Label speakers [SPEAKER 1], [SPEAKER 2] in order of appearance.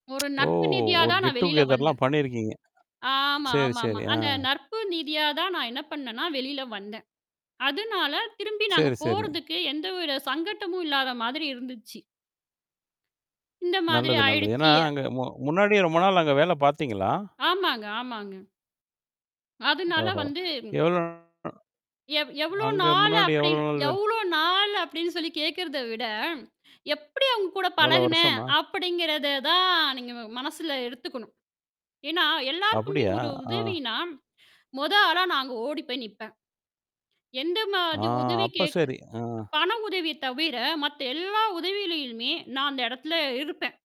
[SPEAKER 1] ஒரு
[SPEAKER 2] ஓ!
[SPEAKER 1] நட்பு ரீதியா
[SPEAKER 2] ஒரு
[SPEAKER 1] தான் நான்
[SPEAKER 2] கெட் டூ
[SPEAKER 1] வெளியில வந்தன்.
[SPEAKER 2] கெதர்லாம் பண்ணியிருக்கீங்க.
[SPEAKER 1] ஆமா,
[SPEAKER 2] சரி,
[SPEAKER 1] ஆமாமா.
[SPEAKER 2] சரி. ஆ.
[SPEAKER 1] அந்த நட்பு ரீதியா தான் நான் என்ன பண்ணேன்னா, வெளில வந்தேன். அதனால திரும்பி நான் அங்க
[SPEAKER 2] சரி, சரி.
[SPEAKER 1] போறதுக்கு எந்த வித சங்கட்டமும் இல்லாத மாதிரி இருந்துச்சு. இந்த மாதிரி
[SPEAKER 2] நல்லது, நல்லது. ஏன்னா,
[SPEAKER 1] ஆயிடுச்சு
[SPEAKER 2] அங்க மு முன்னாடி ரொம்ப நாள் அங்க வேல பார்த்தீங்களா?
[SPEAKER 1] ஆமாங்க, ஆமாங்க. அதனால
[SPEAKER 2] ஓஹோ!
[SPEAKER 1] வந்து
[SPEAKER 2] எவ்ளோ
[SPEAKER 1] எவ் எவ்ளோ
[SPEAKER 2] அங்க
[SPEAKER 1] நாளு
[SPEAKER 2] முன்னாடி எவ்வளோ
[SPEAKER 1] அப்டின்னு
[SPEAKER 2] நாள் வேலை?
[SPEAKER 1] எவ்ளோ நாளு அப்படின்னு சொல்லி கேட்கிறத விட, எப்படி அவங்க கூட
[SPEAKER 2] எவ்ளோ
[SPEAKER 1] பழகுனேன்
[SPEAKER 2] வருஷமா?
[SPEAKER 1] அப்படிங்கிறத தான் நீங்க ம மனசுல எடுத்துக்கணும். ஏன்னா எல்லாருக்குமே
[SPEAKER 2] அப்படியா?
[SPEAKER 1] ஒரு
[SPEAKER 2] ஆ.
[SPEAKER 1] உதவினா, மொத ஆளா நான் அங்க ஓடி போய் நிப்பேன். எந்த
[SPEAKER 2] ஆ
[SPEAKER 1] மாரி உதவி
[SPEAKER 2] அப்ப
[SPEAKER 1] கேக்க
[SPEAKER 2] சரி. ஆ.
[SPEAKER 1] பண உதவிய தவிர, மத்த எல்லா உதவிகளையுமே நான் அந்த இடத்துல இருப்பேன்.